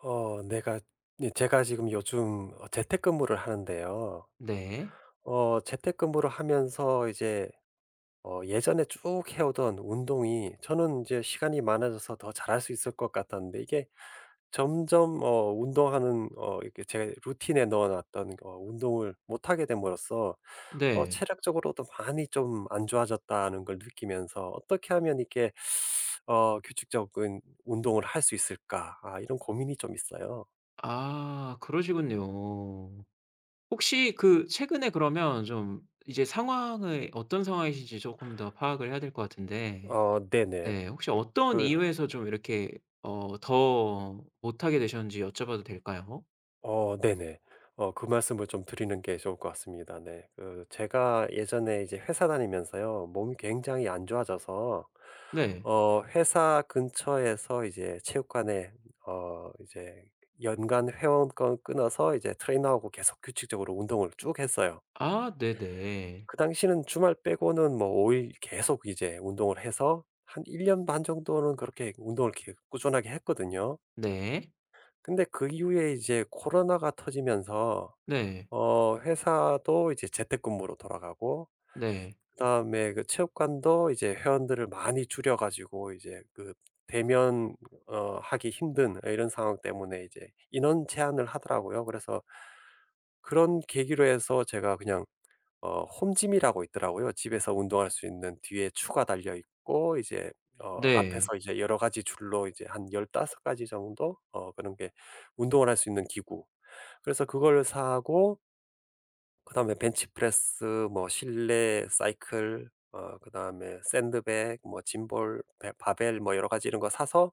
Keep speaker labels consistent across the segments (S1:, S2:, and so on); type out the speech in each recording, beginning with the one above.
S1: 어 내가 네 제가 지금 요즘 어 재택근무를 하는데요.
S2: 네.
S1: 어 재택근무를 하면서 이제 어 예전에 쭉 해오던 운동이 저는 이제 시간이 많아져서 더 잘할 수 있을 것 같았는데 이게 점점 어 운동하는 어 이렇게 제 루틴에 넣어 놨던 어 운동을 못 하게 됨으로써 '어
S2: 네.
S1: 체력적으로도 많이 좀 안 좋아졌다.' 하는 걸 느끼면서 '어떻게 하면 이게 어 규칙적인 운동을 할 수 있을까?' 아 이런 고민이 좀 있어요.
S2: 아 그러시군요. 혹시 그 최근에 그러면 좀 이제 상황이 어떤 상황이신지 쪼끔 더 파악을 해야 될 것 같은데
S1: 어 네네.
S2: 네 혹시 어떤
S1: 그
S2: 이유에서 좀 이렇게 어 더 못하게 되셨는지 여쭤 봐도 될까요?
S1: 어 네네. 어 그 말씀을 좀 드리는 게 좋을 것 같습니다. 네. 그 제가 예전에 이제 회사 다니면서요 몸이 굉장히 안 좋아져서
S2: 네.
S1: 어 회사 근처에서 이제 체육관에 어 이제 연간 회원권 끊어서 이제 트레이너하고 계속 규칙적으로 운동을 쭉 했어요.
S2: 아 네네.
S1: 그 당시는 주말 빼고는 뭐 5 일 계속 이제 운동을 해서 한 1 년 반 정도는 그렇게 운동을 계속 꾸준하게 했거든요.
S2: 네.
S1: 근데 그 이후에 이제 코로나가 터지면서
S2: 네.
S1: 어 회사도 이제 재택근무로 돌아가고
S2: 네.
S1: 그다음에 그 체육관도 이제 회원들을 많이 줄여 가지고 이제 그 대면 어 하기 힘든 이런 상황 때문에 이제 인원 제한을 하더라고요. 그래서 그런 계기로 해서 제가 그냥 어 홈짐이라고 있더라고요. 집에서 운동할 수 있는 뒤에 추가 달려있고 이제 어
S2: 네.
S1: 앞에서 이제 여러 가지 줄로 이제 한 15 가지 정도 어 그런 게 운동을 할 수 있는 기구. 그래서 그걸 사고 그다음에 벤치프레스, 뭐 실내 사이클, 어 그다음에 샌드백, 뭐 짐볼, 베 바벨 뭐 여러 가지 이런 거 사서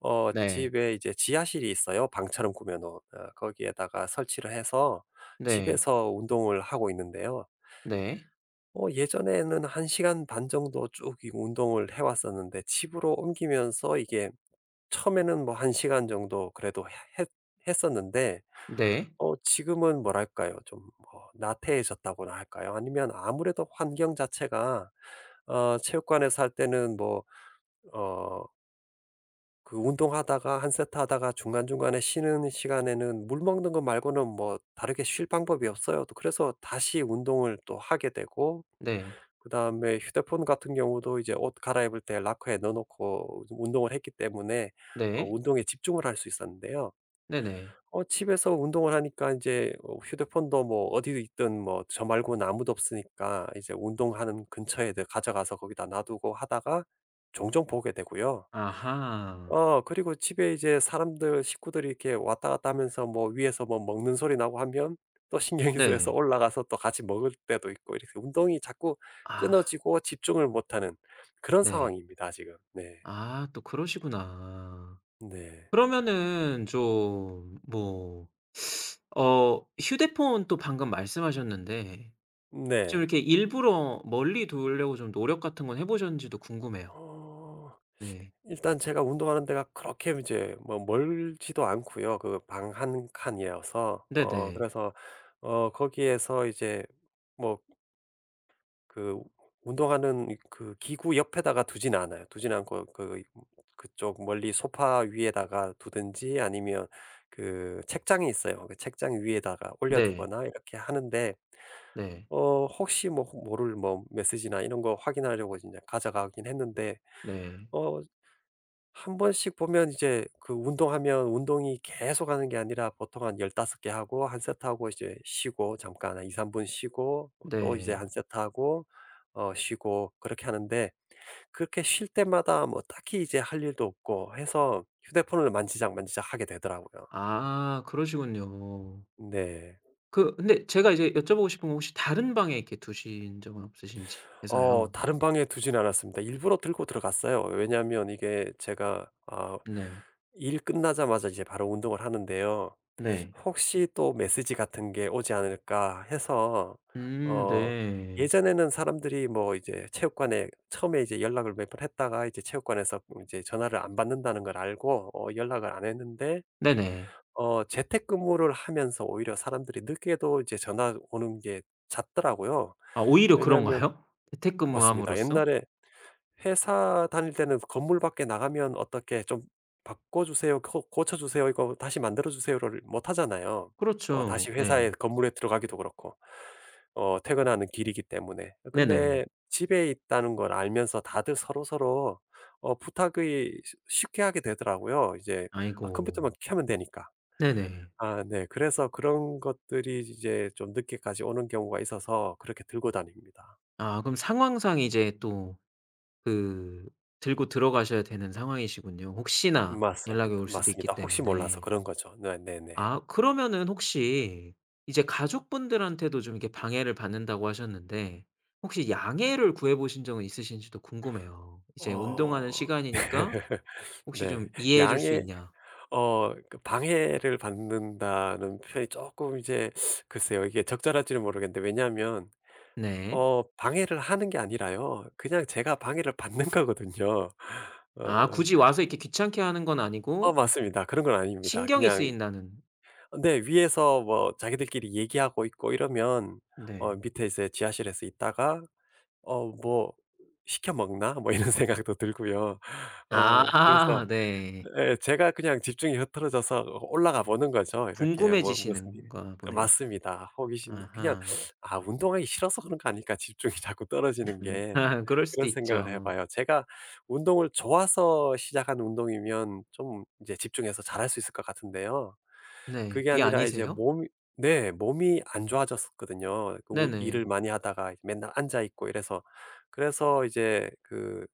S1: 어
S2: 네.
S1: 집에 이제 지하실이 있어요, 방처럼 꾸며 놓은. 어 거기에다가 설치를 해서
S2: 네.
S1: 집에서 운동을 하고 있는데요.
S2: 네.
S1: 어 예전에는 1 시간 반 정도 쭉 이 운동을 해 왔었는데 집으로 옮기면서 이게 처음에는 뭐 1 시간 정도 그래도 해 했 했었는데.
S2: 네.
S1: 어 지금은 뭐랄까요? 좀 뭐 나태해졌다고나 할까요? 아니면 아무래도 환경 자체가 어 체육관에서 할 때는 뭐 어 그 운동하다가 1 세트 하다가 중간중간에 쉬는 시간에는 물 먹는 거 말고는 뭐 다르게 쉴 방법이 없어요. 또 그래서 다시 운동을 또 하게 되고
S2: 네.
S1: 그다음에 휴대폰 같은 경우도 이제 옷 갈아입을 때 로커에 넣어 놓고 좀 운동을 했기 때문에 어
S2: 네.
S1: 운동에 집중을 할 수 있었는데요.
S2: 네네.
S1: 어 집에서 운동을 하니까 인제 어 휴대폰도 뭐 어디에 있든 뭐 저 말고는 아무도 없으니까 이제 운동하는 근처에 늘 가져가서 거기다 놔두고 하다가 종종 보게 되고요.
S2: 아하.
S1: 어 그리고 집에 이제 사람들 식구들이 이렇게 왔다 갔다 하면서 뭐 위에서 뭐 먹는 소리 나고 하면 또 신경이 쓰여서
S2: 네.
S1: 올라가서 또 같이 먹을 때도 있고 이렇게 운동이 자꾸
S2: 아.
S1: 끊어지고 집중을 못 하는 그런
S2: 네.
S1: 상황입니다, 지금. 네.
S2: 아 또 그러시구나.
S1: 네.
S2: 그러면은 좀 뭐 어 휴대폰 또 방금 말씀하셨는데 좀
S1: 네.
S2: 이렇게 일부러 멀리 두려고 좀 노력 같은 건 해 보셨는지도 궁금해요.
S1: 어.
S2: 네.
S1: 일단 제가 운동하는 데가 그렇게 이제 뭐 멀지도 않고요. 그 방 1 칸이어서. 어
S2: 네네.
S1: 그래서 어 거기에서 이제 뭐 ...그 운동하는 이 그 기구 옆에다가 두진 않아요. 두진 않고 그 이 그쪽 멀리 소파 위에다가 두든지 아니면 그 책장이 있어요. 그 책장 위에다가 올려
S2: 네.
S1: 두거나 이렇게 하는데.
S2: 네.
S1: 어 혹시 뭐 모를 뭐 메시지나 이런 거 확인하려고 인제 가져가긴 했는데.
S2: 네.
S1: 어 1 번씩 보면 이제 그 운동하면 운동이 계속하는 게 아니라 보통 한 15 개 하고 1 세트하고 이제 쉬고 잠깐 한 2-3 분 쉬고 뭐 또 이제 1
S2: 네.
S1: 세트 하고 어 쉬고 그렇게 하는데 그렇게 쉴 때마다 뭐 딱히 이제 할 일도 없고 해서 휴대폰을 만지작만지작하게 되더라고요.
S2: 아 그러시군요.
S1: 네.
S2: 그 근데 제가 이제 여쭤보고 싶은 건 혹시 다른 방에 이렇게 두신 적은 없으신지
S1: 어
S2: 해서요.
S1: 다른 방에 두진 않았습니다. 일부러 들고 들어갔어요. 왜냐하면 이게 제가 어
S2: 네.
S1: 일 끝나자마자 이제 바로 운동을 하는데요.
S2: 네.
S1: 혹시 또 메시지 같은 게 오지 않을까 해서.
S2: 음
S1: 어
S2: 네.
S1: 예전에는 사람들이 뭐 이제 체육관에 처음에 이제 연락을 몇 번 했다가 이제 체육관에서 음 이제 전화를 안 받는다는 걸 알고 어 연락을 안 했는데
S2: 네네.
S1: 어 재택근무를 하면서 오히려 사람들이 늦게도 이제 전화 오는 게 잦더라고요.
S2: 아 오히려
S1: 왜냐하면
S2: 그런가요?
S1: 맞습니다.
S2: 재택근무함으로써?
S1: 옛날에 회사 다닐 때는 건물 밖에 나가면 어떻게 좀 "바꿔 주세요, 고 고쳐 주세요, 이거 다시 만들어 주세요."를 못 하잖아요. 어
S2: 그렇죠.
S1: 다시 회사에
S2: 네.
S1: 건물에 들어가기도 그렇고. 어 퇴근하는 길이기 때문에. 어
S2: 네네.
S1: 근데 집에 있다는 걸 알면서 다들 서로서로 어 부탁이 쉬 쉽게 하게 되더라고요. 이제 아 컴퓨터만
S2: 아이고.
S1: 켜면 되니까.
S2: 네네.
S1: 아 네. 그래서 그런 것들이 이제 좀 늦게까지 오는 경우가 있어서 그렇게 들고 다닙니다.
S2: 아 그럼 상황상 이제 또 그 들고 들어가셔야 되는 상황이시군요, 혹시나 연락이
S1: 맞습니다,
S2: 올 수도 있기
S1: 맞습니다. 혹시 몰라서
S2: 때문에.
S1: 그런 거죠. 네네네.
S2: 아 그러면은 혹시 이제 가족분들한테도 좀 이렇게 방해를 받는다고 하셨는데 혹시 양해를 구해 보신 적은 있으신지도 궁금해요. 이제 "운동하는
S1: 어.
S2: 시간이니까 혹시 좀
S1: 네.
S2: 이해해 줄 수
S1: 양해
S2: 있냐?"
S1: 어 그 방해를 받는다는 표현이 쪼끔 이제 글쎄요. 이게 적절할지는 모르겠는데. 왜냐하면
S2: 네.
S1: 어 방해를 하는 게 아니라요 그냥 제가 방해를 받는 거거든요.
S2: 아
S1: 어.
S2: 굳이 와서 이렇게 귀찮게 하는 건
S1: 어
S2: 아니고
S1: 맞습니다. 그런 건 아닙니다.
S2: 신경이
S1: 그냥 이
S2: 쓰인다는
S1: 어 네 위에서 뭐 자기들끼리 얘기하고 있고 이러면 어
S2: 네.
S1: 밑에 이제 지하실에서 있다가 '어 뭐 시켜 먹나?' 뭐 이런 생각도 들고요. 어 그래서
S2: 아 네.
S1: 예 제가 그냥 집중이 흐트러져서 어 올라가 보는 거죠. 이렇게 뭐 무슨 일
S2: 궁금해지시는가
S1: 예
S2: 보네요.
S1: 맞습니다. 호기심 그냥
S2: 아하.
S1: '아 운동하기 싫어서 그런 거 아닐까? 집중이 자꾸 떨어지는 게.' 그런
S2: 그럴 수도
S1: 그런 생각을 해
S2: 있죠.
S1: 봐요. 제가 운동을 좋아서 시작한 운동이면 좀 인제 집중해서 잘할 수 있을 것 같은데요.
S2: 네
S1: 그게
S2: 그게
S1: 아니라 이제
S2: 아니세요?
S1: 몸이 네 몸이 안 좋아졌었거든요. 그 오 일을
S2: 네네.
S1: 많이 하다가 맨날 앉아 있고 이래서. 그래서 이제 그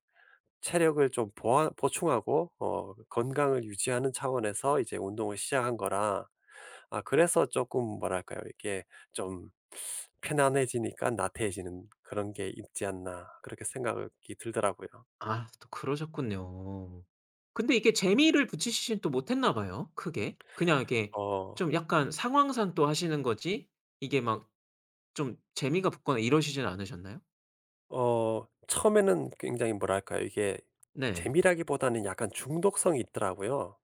S1: 체력을 좀 보완 보충하고 어 건강을 유지하는 차원에서 이제 운동을 시작한 거라 아 그래서 쪼끔 뭐랄까요? 이게 좀 '편안해지니깐 나태해지는 그런 게 있지 않나.' 그렇게 생각이 들더라고요.
S2: 아 또 그러셨군요. 근데 이게 재미를 붙이시지는 또 못했나 봐요 크게. 그냥 이렇게
S1: 어.
S2: 좀 약간 상황상 또 하시는 거지 이게 막 좀 재미가 붙거나 이러시지는 않으셨나요?
S1: 어 처음에는 굉장히 뭐랄까요, 이게
S2: 네.
S1: 재미라기보다는 약간 중독성이 있더라고요.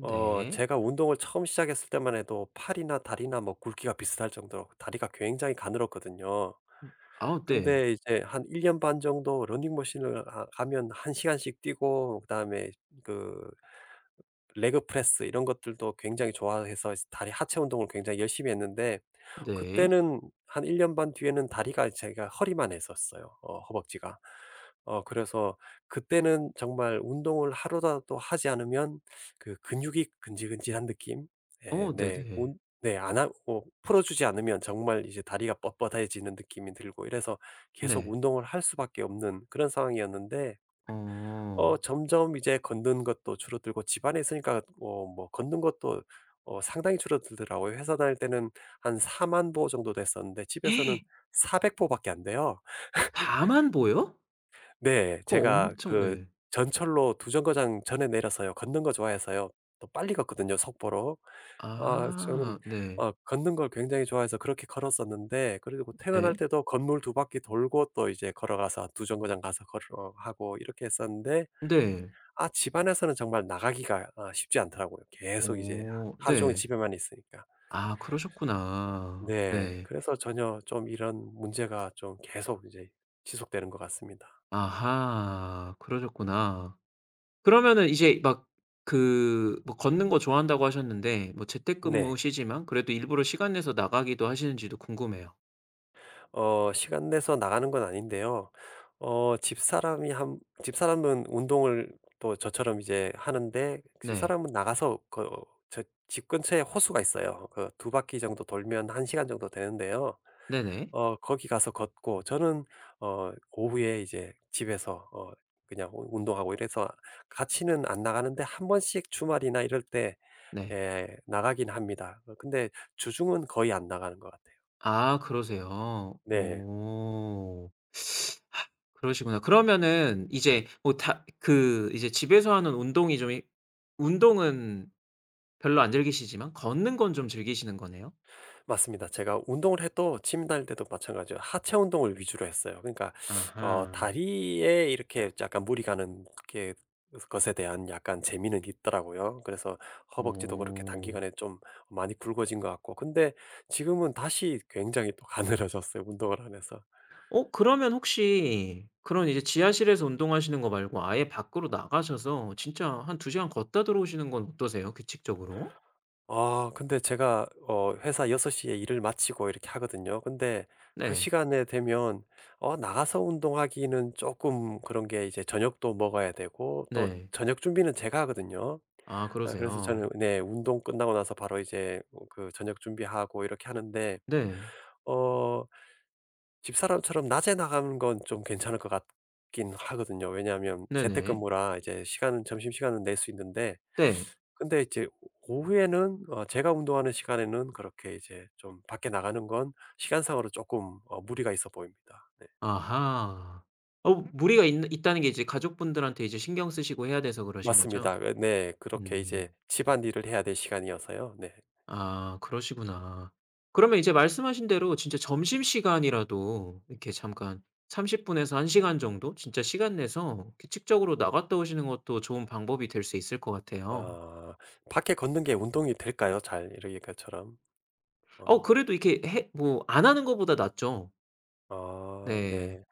S1: 어 제가 운동을 처음 시작했을 때만 해도 팔이나 다리나 뭐 굵기가 비슷할 정도로 다리가 굉장히 가늘었거든요.
S2: 음. 아 네.
S1: 근데 이제 한 1 년 반 정도 러닝 머신을 하 하면 1 시간씩 뛰고 그다음에 그 레그 프레스 이런 것들도 굉장히 좋아해서 다리 하체 운동을 굉장히 열심히 했는데
S2: 네.
S1: 그때는 한 1 년 반 뒤에는 다리가 제가 허리만 했었어요, 어 허벅지가. 어 그래서 그때는 정말 운동을 하루라도 하지 않으면 그 근육이 근질근질한 느낌? 예
S2: 어
S1: 네,
S2: 네네.
S1: 운 네, 안 하고 풀어주지 않으면 정말 이제 다리가 뻣뻣해지는 느낌이 들고 이래서 계속
S2: 네.
S1: 운동을 할 수밖에 없는 그런 상황이었는데,
S2: 어.
S1: 어 점점 이제 걷는 것도 줄어들고, 집 안에 있으니까 어 뭐 걷는 것도 어 상당히 줄어들더라고요. 회사 다닐 때는 한 40,000 보 정도 됐었는데, 집에서는 400 보밖에 안 돼요.
S2: 40,000 보요?
S1: 네,
S2: 그거
S1: 제가
S2: 엄청
S1: 그
S2: 네.
S1: 전철로 2 정거장 전에 내려서요 걷는 거 좋아해서요 또 빨리 걷거든요, 속보로. 어 저는
S2: 아 네.
S1: 어 걷는 걸 굉장히 좋아해서 그렇게 걸었었는데, 그리고 퇴근할
S2: 네.
S1: 때도 건물 2 바퀴 돌고 또 이제 걸어가서 2 정거장 가서 걸어가고 이렇게 했었는데,
S2: 네.
S1: 아 집안에서는 정말 나가기가 아 쉽지 않더라고요 계속 이제 하
S2: 어
S1: 하루 종일
S2: 네.
S1: 집에만 있으니까.
S2: 아 그러셨구나.
S1: 네.
S2: 네.
S1: 그래서 전혀 좀 이런 문제가 좀 계속 이제 지속되는 것 같습니다.
S2: 아하, 그러셨구나. 그러면은 이제 막 그 뭐 걷는 거 좋아한다고 하셨는데, 뭐
S1: 네.
S2: 재택근무시지만 그래도 일부러 시간 내서 나가기도 하시는지도 궁금해요.
S1: 어 시간 내서 나가는 건 아닌데요. 어 집사람이 함 집사람은 운동을 또 저처럼 이제 하는데
S2: 네.
S1: 집사람은 나가서 그 저 집 근처에 호수가 있어요. 그 2 바퀴 정도 돌면 1 시간 정도 되는데요.
S2: 네네.
S1: 어 거기 가서 걷고 저는 어 오후에 이제 집에서 어 그냥 운 운동하고 이래서 같이는 안 나가는데 1 번씩 주말이나 이럴 때
S2: 네.
S1: 예 나가긴 합니다. 어 근데 주중은 거의 안 나가는 것 같아요.
S2: 아 그러세요.
S1: 네.
S2: 어. 그러시구나. 그러면은 이제 뭐 다 그 이제 집에서 하는 운동이 좀 이 운동은 별로 안 즐기시지만 걷는 건 좀 즐기시는 거네요?
S1: 맞습니다. 제가 운동을 해도 짐 다닐 때도 마찬가지로 하체 운동을 위주로 했어요. 그러니까 어
S2: 아하.
S1: 다리에 이렇게 약간 무리 가는 게 것에 대한 약간 재미는 있더라고요. 그래서 허벅지도 그렇게
S2: 어.
S1: 단기간에 좀 많이 굵어진 것 같고. 근데 지금은 다시 굉장히 또 가늘어졌어요 운동을 안 해서.
S2: 어 그러면 혹시 그런 이제 지하실에서 운동하시는 거 말고 아예 밖으로 나가셔서 진짜 한 2 시간 걷다 들어오시는 건 어떠세요, 규칙적으로?
S1: 아 근데 제가 어 회사 6:00에 일을 마치고 이렇게 하거든요. 근데 그
S2: 네.
S1: 시간이 되면 어 나가서 운동하기는 쪼끔 그런 게 이제 저녁도 먹어야 되고 또
S2: 네.
S1: 저녁 준비는 제가 하거든요.
S2: 아
S1: 아 그래서
S2: 그러세요.
S1: 저녁 네 운동 끝나고 나서 바로 이제 음 그 저녁 준비하고 이렇게 하는데.
S2: 네.
S1: 어 집사람처럼 낮에 나가는 건 좀 괜찮을 것 같긴 하거든요. 왜냐하면
S2: 네네.
S1: 재택근무라 이제 시간은 점심시간은 낼 수 있는데
S2: 네.
S1: 근데 이제 오후에는 어 제가 운동하는 시간에는 그렇게 이제 좀 밖에 나가는 건 시간상으로 쪼끔 어 무리가 있어 보입니다. 네.
S2: 아하. 어 무리가 있는 있다는 게 이제 가족분들한테 이제 신경 쓰시고 해야 돼서 그러신 거죠?
S1: 맞습니다. 예 네. 그렇게
S2: 음.
S1: 이제 집안일을 해야 될 시간이어서요. 네.
S2: 아 그러시구나. 그러면 이제 말씀하신 대로 진짜 점심시간이라도 이렇게 잠깐 30 분에서 1 시간 정도 진짜 시간 내서 규칙적으로 나갔다 오시는 것도 좋은 방법이 될 수 있을 것 같아요.
S1: 아 밖에 걷는 게 운동이 될까요 잘? 이러 이렇게처럼?
S2: 아오
S1: 아.
S2: 그래도 이렇게 해 뭐 안 하는 거보다 낫죠.
S1: 아
S2: 네.
S1: 네.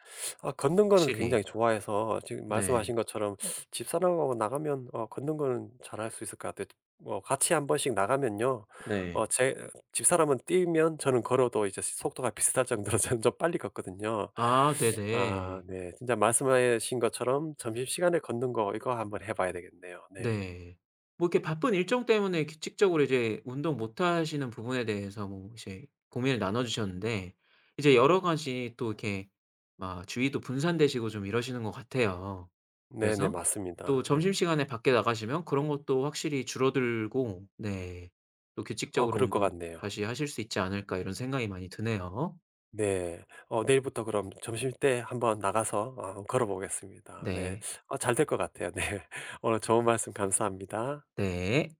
S1: 아 걷는 거는
S2: 확실히.
S1: 굉장히 좋아해서 지금
S2: 네.
S1: 말씀하신 것처럼 집사람하고 나가면 어 걷는 거는 잘할 수 있을 것 같아요. 뭐 같이 1 번씩 나가면요 어
S2: 네.
S1: 제 집사람은 뛰면 저는 걸어도 이제 속도가 비슷할 정도로 저는 좀 빨리 걷거든요.
S2: 아
S1: 아
S2: 네네.
S1: 네. 진짜 말씀하신 것처럼 점심시간에 걷는 거 이거 한번 해 봐야 되겠네요. 네.
S2: 네. 뭐 이렇게 바쁜 일정 때문에 규칙적으로 이제 운동 못 하시는 부분에 대해서 뭐 이제 고민을 나눠 주셨는데, 이제 여러가지 또 이렇게 막 주위도 분산되시고 좀 이러시는 것 같아요.
S1: 네네
S2: 그래서 또
S1: 맞습니다. 네.
S2: 점심시간에 밖에 나가시면 그런 것도 확실히 줄어들고 네 또
S1: 어
S2: 규칙적으로
S1: 그럴 것
S2: 운동
S1: 같네요.
S2: 다시 하실 수 있지 않을까 이런 생각이 많이 드네요.
S1: 네. 어 내일부터 그럼 점심 때 한번 나가서 어 걸어 보겠습니다. 네.
S2: 네.
S1: 아 잘될 것 같아요. 네. 오늘 좋은 말씀 감사합니다.
S2: 네.